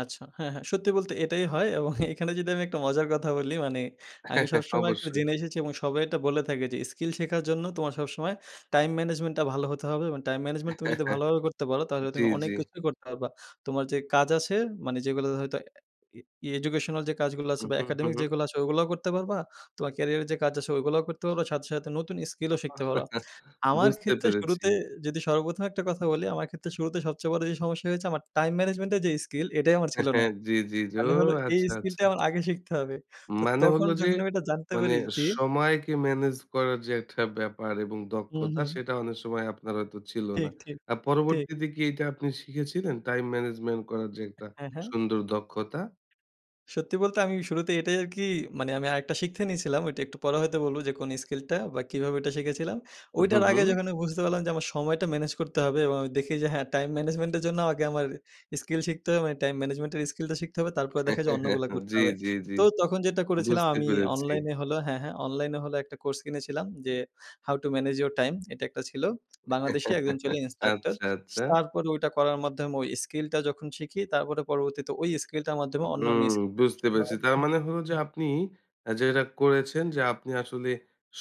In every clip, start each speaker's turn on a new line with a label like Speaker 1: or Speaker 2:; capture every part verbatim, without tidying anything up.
Speaker 1: আচ্ছা। হ্যাঁ, হ্যাঁ। সত্যি বলতে এটাই হয় এবং এখানে যদি আমি একটা মজার কথা বলি মানে আমি সবসময় একটু
Speaker 2: অবশ্যই।
Speaker 1: জেনে এসেছি এবং সবাই এটা বলে থাকে যে, "স্কিল শেখার জন্য তোমার সবসময় time management টা ভালো হতে হবে। এবং time management তুমি যদি ভালোভাবে করতে পারো তাহলে তুমি
Speaker 2: জি,
Speaker 1: অনেক
Speaker 2: জি।
Speaker 1: কিছুই করতে পারবা। তোমার যে কাজ আছে মানে যেগুলো হয়তো এ ই ই educational যে কাজগুলো
Speaker 2: হু,
Speaker 1: আছে বা
Speaker 2: হু, হু,
Speaker 1: academic
Speaker 2: হু।
Speaker 1: যেগুলো আছে, ওইগুলোও করতে পারবা। তোমার ক্যারিয়ারে যে কাজ আছে ওইগুলোও করতে পারবা। সাথে, সাথে নতুন স্কিলও শিখতে পারো।" আমার
Speaker 2: বুঝতে
Speaker 1: ক্ষেত্রে
Speaker 2: পেরেছি।
Speaker 1: শুরুতে যদি সর্বপ্রথম একটা কথা বলি, আমার ক্ষেত্রে শুরুতে সবচেয়ে বড়ো যে সমস্যা হয়েছে আমার time management এর যে স্কিল, এটাই আমার
Speaker 2: হ্যা,
Speaker 1: ছিল
Speaker 2: হ্যা।
Speaker 1: না।
Speaker 2: জি, জি।
Speaker 1: মানে হল
Speaker 2: ওহ!
Speaker 1: এই
Speaker 2: আচ্ছা, আচ্ছা।
Speaker 1: স্কিলটাই আমার আগে শিখতে হবে। তো
Speaker 2: মানে
Speaker 1: তখন
Speaker 2: হলো যে
Speaker 1: যখন আমি এটা জানতে
Speaker 2: মানে
Speaker 1: পারি যে
Speaker 2: সময়কে ম্যানেজ করার যে একটা ব্যাপার এবং
Speaker 1: হুম,
Speaker 2: দক্ষতা,
Speaker 1: হুম।
Speaker 2: সেটা অনেক সময় আপনার হয়তো ছিল না।
Speaker 1: ঠিক, ঠিক,
Speaker 2: আর
Speaker 1: ঠিক।
Speaker 2: পরবর্তীতে কি এটা আপনি শিখেছিলেন? time management করার যে একটা
Speaker 1: হ্যাঁ, হ্যাঁ?
Speaker 2: সুন্দর দক্ষতা?
Speaker 1: সত্যি বলতে আমি শুরুতেই এটাই আরকি মানে আমি আরেকটা শিখতে নিছিলাম। ঐটা একটু পরে হয়তো বলবো যে কোন স্কিলটা বা কীভাবে এটা শিখেছিলাম।
Speaker 2: উহ, হু,
Speaker 1: ওইটার আগে
Speaker 2: হু।
Speaker 1: যখন আমি বুঝতে পারলাম যে আমার সময়টা ম্যানেজ করতে হবে এবং আমি দেখি যে, হ্যাঁ time management এর জন্য আমাকে আমার ইস্কিল শিখতে হবে। মানে time management এর স্কিলটা শিখতে হবে। তারপরে দেখা যায় অন্যগুলো করতে
Speaker 2: জি,
Speaker 1: হবে।
Speaker 2: জি, জি।
Speaker 1: তো তখন যেটা করেছিলাম
Speaker 2: বুঝতে
Speaker 1: আমি
Speaker 2: পেরেছি।
Speaker 1: অনলাইনে হলো হ্যাঁ, হ্যাঁ, অনলাইন হলো একটা কোর্স কিনেছিলাম যে "How to manage your time?" এটা একটা ছিল। বাংলাদেশী একজন ছিল instructor।
Speaker 2: আচ্ছা, আচ্ছা।
Speaker 1: তারপরে ওইটা করার মাধ্যমে ওই স্কিলটা যখন শিখি, তারপরে পরবর্তীতে ওই স্কিলটার মাধ্যমে অন্যান্য
Speaker 2: হুম,
Speaker 1: স্কিল আরকি
Speaker 2: বুঝতে
Speaker 1: শেখা
Speaker 2: পেরেছি।
Speaker 1: হয়।
Speaker 2: তার মানে হলো যে আপনি অ্যা যে এটা করেছেন যে আপনি আসলে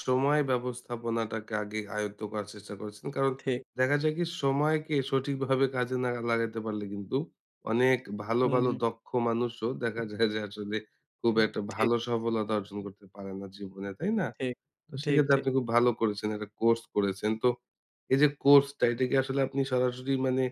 Speaker 2: সময় ব্যবস্থাপনাটাকে আগে আয়ত্ত করার চেষ্টা করেছেন। কারণ
Speaker 1: ঠিক।
Speaker 2: দেখা যায় কি? সময়কে সঠিকভাবে কাজে না লাগাইতে পারলে কিন্তু অনেক ভালো,
Speaker 1: হুম,
Speaker 2: ভালো
Speaker 1: হুম।
Speaker 2: দক্ষ মানুষও দেখা যায় যে আসলে খুব একটা
Speaker 1: ঠিক।
Speaker 2: ভালো সফলতা অর্জন করতে পারে না জীবনে। তাই না?
Speaker 1: ঠিক,
Speaker 2: তো
Speaker 1: ঠিক,
Speaker 2: সেক্ষেত্রে
Speaker 1: ঠিক।
Speaker 2: আপনি খুব ভালো করেছেন, একটা কোর্স করেছেন। তো এইযে কোর্সটা, এটা কি আসলে আপনি সরাসরি মানে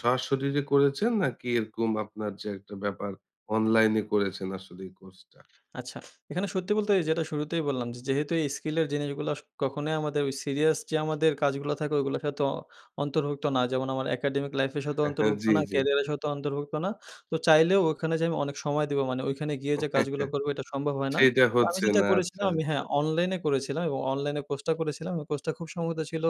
Speaker 2: স্বশরীরে করেছেন নাকি এরকম আপনার যে একটা ব্যাপার অনলাইনে করেছেন আসলে এই কোর্সটা?
Speaker 1: আচ্ছা, এখানে সত্যি বলতে এই যেটা শুরুতেই বললাম যেহেতু এই স্কিলের জিনিসগুলো আস কখনোই ওই আমাদের সিরিয়াস যে আমাদের কাজগুলো থাকে ওগুলোর সাথে অ অন্তর্ভুক্ত না। যেমন আমার academic life এর সাথেও অন্তর্ভুক্ত
Speaker 2: জি,
Speaker 1: না,
Speaker 2: জি।
Speaker 1: কেরিয়ারের সাথেও অন্তর্ভুক্ত না। তো চাইলেও ওখানে যে আমি অনেক সময় দিবো। মানে ওইখানে গিয়ে যে কাজগুলো করবো, এটা সম্ভব হয় না।
Speaker 2: সেটা
Speaker 1: তো আমি
Speaker 2: হচ্ছে
Speaker 1: যেটা
Speaker 2: না। আচ্ছা,
Speaker 1: করেছিলাম আমি
Speaker 2: আচ্ছা।
Speaker 1: হ্যাঁ, অনলাইনে করেছিলাম এবং অনলাইনে কোর্সটা করেছিলাম। ওই কোর্সটা খুব সম্ভবত ছিল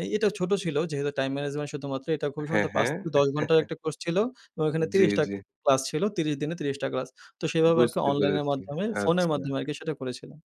Speaker 1: এ এটাও ছোট ছিল যেহেতু time management শুধুমাত্র। এটা খুব
Speaker 2: হ্যাঁ,
Speaker 1: সম্ভবত পাচ
Speaker 2: হ্যাঁ।
Speaker 1: থেকে দশ ঘন্টার একটা কোর্স ছিল এবং এখানে
Speaker 2: জি,
Speaker 1: ত্রিশ টা
Speaker 2: জি।
Speaker 1: ক্লাস ছিল। ত্রিশ দিনে ত্রিশ টা ক্লাস। তো সেভাবে আরকি
Speaker 2: বুঝতে
Speaker 1: অনলাইনের
Speaker 2: পেরেছি।
Speaker 1: মাধ্যমে ফোনের
Speaker 2: আচ্ছা।
Speaker 1: মাধ্যমে আরকি সেটা করেছিলাম।